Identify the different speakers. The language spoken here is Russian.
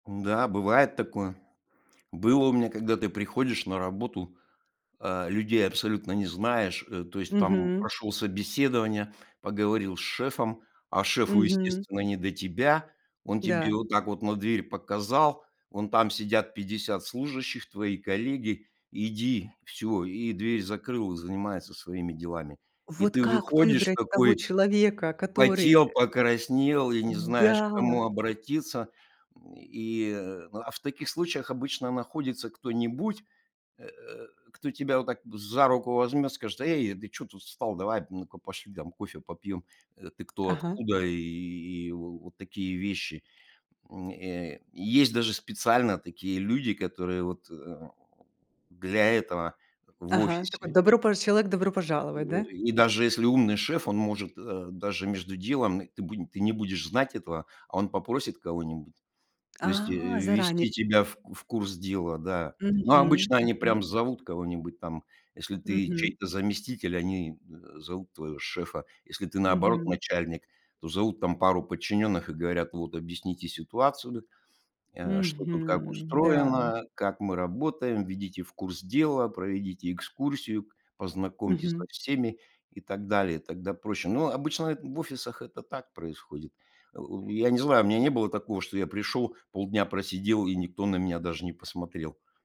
Speaker 1: М-да, бывает такое. Было у меня, когда ты приходишь на работу, э, людей абсолютно не знаешь, э, то есть там
Speaker 2: Мгм.
Speaker 1: прошел собеседование, поговорил с шефом, а шефу,
Speaker 2: Мгм.
Speaker 1: естественно, не до тебя. Он тебе
Speaker 2: Да.
Speaker 1: вот так вот на дверь показал: "Вон там сидят 50 служащих- твои коллеги, иди, всё". И дверь закрыл, занимается своими делами, и
Speaker 2: Вот
Speaker 1: ты
Speaker 2: как
Speaker 1: выходишь
Speaker 2: выбрать того
Speaker 1: такой.
Speaker 2: человека, который,
Speaker 1: Потел,
Speaker 2: э,
Speaker 1: покраснел и не знаешь, к кому
Speaker 2: м-да.
Speaker 1: обратиться, м, и А в таких случаях обычно находится кто-нибудь, э, кто тебя вот так за руку возьмет, скажет: "Эй, ты чё тут встал? Давай, ну-ка, пошли там кофе попьем. Э, ты кто?
Speaker 2: Ага.
Speaker 1: Откуда?" И вот такие вещи, м, э. Есть даже специально такие люди, которые вот, э э, для этого в
Speaker 2: Ага, такой
Speaker 1: офисе.
Speaker 2: добропож человек- "добро пожаловать",
Speaker 1: И
Speaker 2: да?
Speaker 1: и даже если умный шеф, он может, э, даже между делом ты бу ты не будешь знать этого, а он попросит кого-нибудь, то есть
Speaker 2: А, заранее?
Speaker 1: ввести тебя в в курс дела, да. Но
Speaker 2: Мгм,
Speaker 1: обычно они
Speaker 2: мгм.
Speaker 1: прям зовут кого-нибудь там. Если ты
Speaker 2: Мгм.
Speaker 1: чей-то заместитель, они, э, зовут твоего шефа. Если ты, наоборот,
Speaker 2: Мгм.
Speaker 1: начальник, то зовут там пару подчинённых и говорят: "Вот, объясните ситуацию, э, что тут как
Speaker 2: Мгм. Да.
Speaker 1: устроено, как мы работаем, введите в курс дела, проведите экскурсию, познакомьте со
Speaker 2: Мгм.
Speaker 1: всеми",- и так далее, тогда проще. Но обычно эт в офисах это так происходит. Э, я не знаю, у меня не было такого, что я пришел, полдня просидел и никто на меня даже не посмотрел.